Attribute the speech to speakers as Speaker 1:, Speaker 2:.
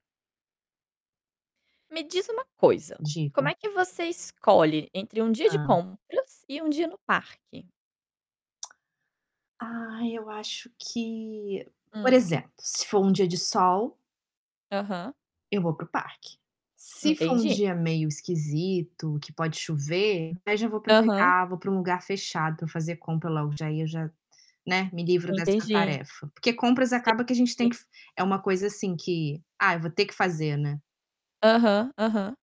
Speaker 1: Me diz uma coisa, como
Speaker 2: Digo.
Speaker 1: é que você escolhe entre um dia de
Speaker 2: Hã.
Speaker 1: compras e um dia no parque?
Speaker 2: Ai eu acho que, por
Speaker 1: Hum.
Speaker 2: exemplo, se for um dia de sol
Speaker 1: Aham.
Speaker 2: eu vou para o parque. Se for um
Speaker 1: Entendi.
Speaker 2: dia meio esquisito, que pode chover, aí já vou
Speaker 1: Aham.
Speaker 2: aproveitar, vou pra um lugar fechado pra fazer compra logo, já ia já, né, me livro dessa
Speaker 1: Entendi.
Speaker 2: tarefa, porque compras
Speaker 1: Sim,
Speaker 2: acaba que a gente
Speaker 1: sim.
Speaker 2: tem f que é uma coisa assim que: "Ah eu vou ter que fazer.", né.
Speaker 1: Aham, aham.